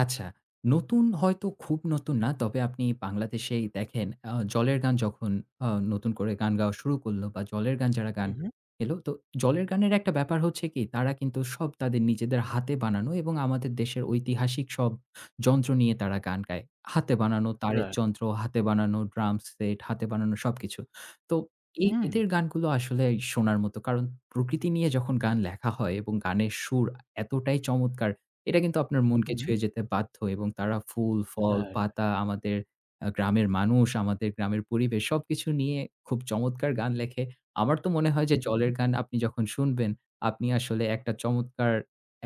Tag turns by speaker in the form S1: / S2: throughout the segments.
S1: আচ্ছা, নতুন হয়তো খুব নতুন না। তবে আপনি বাংলাদেশেই দেখেন, আ 'জলের গান' যখন আ নতুন করে গান গাওয়া শুরু করল, বা 'জলের গান' যারা গান
S2: হু, হুম।
S1: এলো, তো 'জলের গানে'র একটা ব্যাপার হচ্ছে কি তারা কিন্তু সব তাদের নিজেদের হাতে বানানো এবং আমাদের দেশের ঐতিহাসিক সব যন্ত্র নিয়ে তারা গান গায়। হাতে বানানো তারের
S2: রাইট।
S1: যন্ত্র, হাতে বানানো ড্রাম সেট, হাতে বানানো সবকিছু। তো এ
S2: হুম।
S1: এদের গানগুলো আসলে শোনার মতো। কারণ প্রকৃতি নিয়ে যখন গান লেখা হয় এবং গানের সুর এতটাই চমৎকার, এটা কিন্তু আপনার মনকে
S2: হুম।
S1: ছুঁয়ে যেতে বাধ্য এবং তারা ফুল-ফল,
S2: রাইট।
S1: পাতা, আমাদের আ গ্রামের মানুষ, আমাদের গ্রামের পরিবেশ, সবকিছু নিয়ে খুব চমৎকার গান লেখে। আমার তো মনে হয় যে,
S2: হুম।
S1: জলের গান আপনি যখন শুনবেন, আপনি আসলে একটা চমৎকার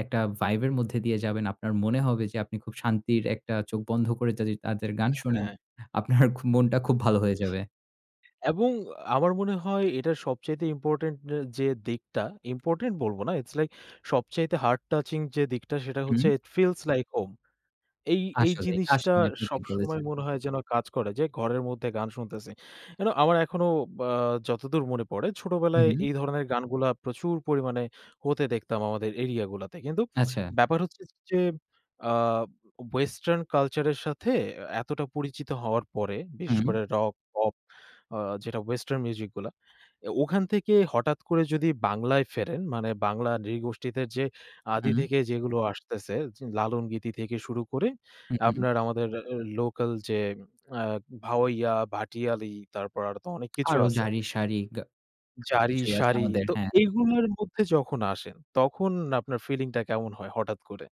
S1: একটা ভাইব এর মধ্যে দিয়ে যাবেন। আপনার মনে হবে যে, আপনি খুব শান্তির একটা চোখ বন্ধ করে যদি তাদের গান শোনেন,
S2: হ্যাঁ।
S1: আপনার খ মনটা খুব ভালো হয়ে যাবে।
S2: এবং আমার মনে হয় এটা সবচাইতে ইম্পোর্টেন্ট আ যে, দিকটা, ইম্পোর্টেন্ট বলব না। ইটস লাইক সবচাইতে হার্ট টাচিং যে, দিকটা, সেটা
S1: হুম।
S2: হচ্ছে, ইট ফিলস লাইক হোম। এই এই
S1: আসলেই,
S2: জিনিসটা
S1: আসলেই, আপনি ঠিক
S2: সবসময়
S1: বলেছেন।
S2: মনে হয় যেন কাজ করে যে, ঘরের মধ্যে গান শুনতেছি। you know আমার এখনো আ যতদূর মনে পড়ে, ছোটবেলায়
S1: হুম।
S2: এই ধরনের গানগুলা প্রচুর পরিমাণে হতে দেখতাম, আমাদের এরিয়া গুলাতে। কিন্তু
S1: আচ্ছা।
S2: ব্যাপার হচ্ছে যে, আ ওয়েসটার্ন কালচার এর সাথে, এতটা পরিচিত হওয়ার পরে, বিশেষ
S1: হুম।
S2: করে রক, পপ আ যেটা ওয়েসটার্ন মিউজিক গুলা। এ ওখান থেকে হঠাৎ করে যদি বাংলায় ফেরেন, মানে বাংলা নৃগোষ্ঠীতে যে, আদি
S1: হুম।
S2: থেকে যেগুলো আসতেছে, জ লালন গীতি থেকে শুরু করে
S1: হু, হুম।
S2: আপনার আমাদের লোকাল যে, আ ভাওইয়া, ভাটিয়ালি, তারপর আর তো অনেক কিছু
S1: আরো
S2: আছে
S1: জাড়ি, শাড়ি, গা সব
S2: জাড়ি,
S1: কিছুই আছে
S2: শাড়ি,
S1: আমাদের।
S2: তো
S1: হ্যাঁ।
S2: এগুলোর মধ্যে যখন আসেন, তখন আপনার ফিলিংটা কেমন হয়, হঠাৎ করে?